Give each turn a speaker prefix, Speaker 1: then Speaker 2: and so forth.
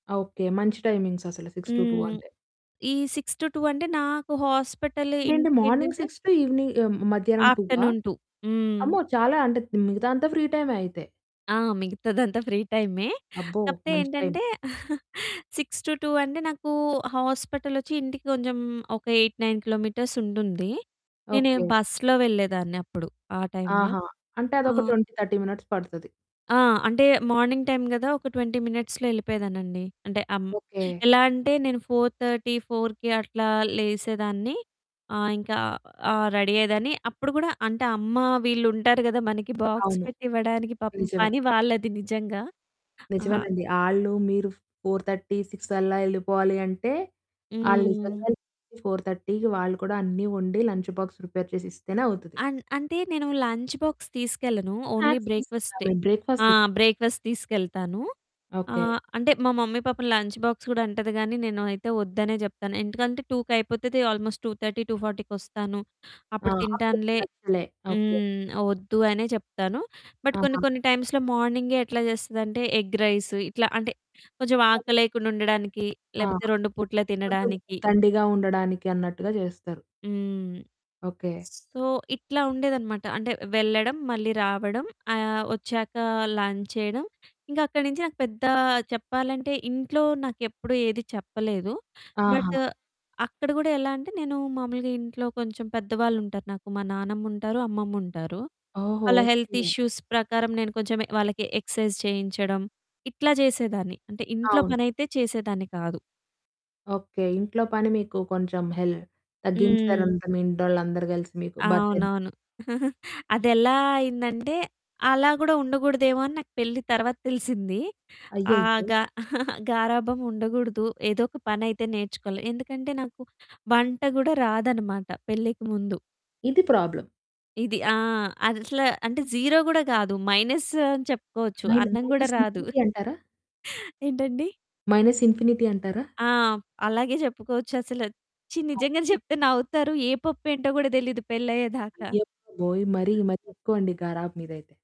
Speaker 1: Okay. మంచి timings అసలు 6-2
Speaker 2: హ్మ్.
Speaker 1: అంటే.
Speaker 2: ఈ 6-2 అంటే నాకు హాస్పిటల్
Speaker 1: అంటే ఏంటి? మార్నింగ్
Speaker 2: ఇంటికేంటంటే
Speaker 1: 6 టు ఈవెనింగ్ ఆ! మధ్యాహ్నం టువా?
Speaker 2: ఆఫ్టర్నూన్ 2 హ్మ్.
Speaker 1: అమ్మో! చాలా అంటే మిగతా అంతా ఫ్రీ టైమే అయితే.
Speaker 2: ఆ! మిగతాదంతా ఫ్రీ టైమే
Speaker 1: అబ్బో!
Speaker 2: కాకపోతే
Speaker 1: మంచి టైమ్.
Speaker 2: ఏంటంటే 6-2 అంటే నాకు హాస్పిటలోచ్చి ఇంటికి కొంచెం ఒక 8,9 కిలోమీటర్స్ ఉంటుంది. నేను
Speaker 1: ఓకే.
Speaker 2: బస్సులో వెళ్ళేదాన్ని అప్పుడు ఆ! టైమ్‌లో.
Speaker 1: ఆహా! అంటే అదొక
Speaker 2: ఆహ్
Speaker 1: 20, 30 మినిట్స్ పడతది.
Speaker 2: ఆ! అంటే మార్నింగ్ టైమ్ కదా! ఒక 20 మినిట్స్‌లో ఏళ్ళిపోయేదాన్నండి. అంటే అం
Speaker 1: ఓకే.
Speaker 2: ఎలా అంటే నేను 4:30, 4కి అట్లా లేసేదాన్ని, ఆహ్, ఇంకా ఆ! రెడీ అయ్యేదాన్ని. అప్పుడు కూడా అంటే అమ్మ వీళ్ళు ఉంటారు కదా మనకి బాక్స్
Speaker 1: అవును.
Speaker 2: పెట్టి ఇవ్వడానికి పాపం
Speaker 1: నిజమే.
Speaker 2: పని వాళ్ళది నిజంగా. ఆ!
Speaker 1: నిజమేనండి ఆళ్ళు మీరు 4:30. 6 అల్లా ఎళ్ళిపోవాలి అంటే ఆళ్ళు
Speaker 2: హ్మ్.
Speaker 1: నిజంగా‌నే 4:30కి వాళ్ళు కూడా అన్నీ వండి లంచ్ బాక్స్ ప్రిపేర్ చేసిస్తేనే అవుతది.
Speaker 2: అం అంటే నేను లంచ్ బాక్స్ తీసుకెళ్ళను. ఓన్లీ
Speaker 1: స్నాక్స్ తిసుకుంటారు
Speaker 2: బ్రేక్ఫాస్టె.
Speaker 1: మరి
Speaker 2: ఆ!
Speaker 1: బ్రేక్ఫాస్ట్
Speaker 2: బ్రేక్ఫాస్ట్ తీసుకెళ్తాను.
Speaker 1: ఓకే.
Speaker 2: ఆహ్, అంటే మా మమ్మీ పాపం లంచ్ బాక్స్ కూడా అంటది గానీ నేను అయితే వద్దనే చెప్తాను. ఎందుకంటే టూకయిపోతది ఆల్మోస్ట్ 2:30, 2:40 కొస్తాను
Speaker 1: ఆ!
Speaker 2: అప్పుడు
Speaker 1: అప్పుడది
Speaker 2: తింటానులే
Speaker 1: నచ్చలే. ఓకే.
Speaker 2: హ్మ్. వద్దు అనే చెప్తాను, బట్ కొన్ని
Speaker 1: ఆహా!
Speaker 2: కొన్ని టైమ్స్‌లో మార్నింగే ఎట్లా చేస్తదంటే ఎగ్ రైస్, ఇట్లా అంటే కొంచెం
Speaker 1: మరి
Speaker 2: ఆకలేయకుండా ఉండడానికి,
Speaker 1: ఆ!
Speaker 2: లేకపోతే 2 పూట్ల
Speaker 1: కొంచెం
Speaker 2: తినడానికి.
Speaker 1: దండిగా ఉండడానికి అన్నట్టుగా చేస్తారు.
Speaker 2: హ్మ్.
Speaker 1: ఓకే.
Speaker 2: స్ సో, ఇట్లా ఉండేదన్నమాట. అంటే వెళ్ళడం, మళ్ళీ రావడం. ఆహ్, వచ్చాక లంచ్ చేయడం. ఇంకా అక్కడి నుంచి నాకు పెద్ద చెప్పాలంటే ఇంట్లో నాకేప్పుడు ఏది చెప్పలేదు,
Speaker 1: ఆహా!
Speaker 2: బట్ అక్కడ కూడా ఎలా అంటే నేను మామూలుగా ఇంట్లో కొంచెం పెద్దవాళ్ళు ఉంటారు నాకు, మా నానమ్ముంటారు అమ్మమ్ముంటారు.
Speaker 1: ఓహో!
Speaker 2: వాళ్ళ హెల్త్
Speaker 1: ఓకే.
Speaker 2: ఇష్యూస్ ప్రకారం నేను కొంచెం వాళ్ళకి ఎక్సర్సైజ్ చేయించడం, ఇట్లా చేసేదాన్ని. అంటే ఇంట్లో
Speaker 1: అవును.
Speaker 2: పనైతే చేసేదాన్ని కాదు.
Speaker 1: ఓకే. ఇంట్లో పని మీకు కొంచెం హెల్
Speaker 2: హ్మ్.
Speaker 1: తగ్గించారంతా మీ ఇంటోలందరూ కలిసి మీకు బర్డెన్.
Speaker 2: అవునవును. అదేలా అయిందంటే అలా కూడా ఉండకూడదేమో అని నాకు పెళ్ళి తరువాత తెలిసింది. ఆ!
Speaker 1: అయ్యయ్యో!
Speaker 2: గా గారాబం ఉండకూడదు, ఏదోక పనయితే నేర్చుకోవాలి. ఎందుకంటే నాకు వంట కూడా రాదన్నమాట పెళ్ళికి ముందు.
Speaker 1: ఇది ప్రాబ్లమ్.
Speaker 2: ఇది ఆ! అది అసల అంటే 0 కూడా కాదు మైనస్ అని చెప్పుకోవచ్చు.
Speaker 1: మైన
Speaker 2: అన్నం కూడా
Speaker 1: మైనస్
Speaker 2: రాదు.
Speaker 1: ఇన్ఫినిటీ అంటారా?
Speaker 2: ఏంటండి?
Speaker 1: మైనస్ ఇన్ఫినిటీ అంటారా?
Speaker 2: ఆ! అలాగే చెప్పుకోవచ్చసలు, ఛీ! నిజంగానే
Speaker 1: అవునండి.
Speaker 2: చెప్తే నవ్వుతారు, ఏ పప్పు ఏంటో కూడా తెలీదు పెళ్ళయ్యేదాకా.
Speaker 1: అయ్య బాబోయ్! మరీ మరీ ఎక్కువండి గరాబం మీదైతే.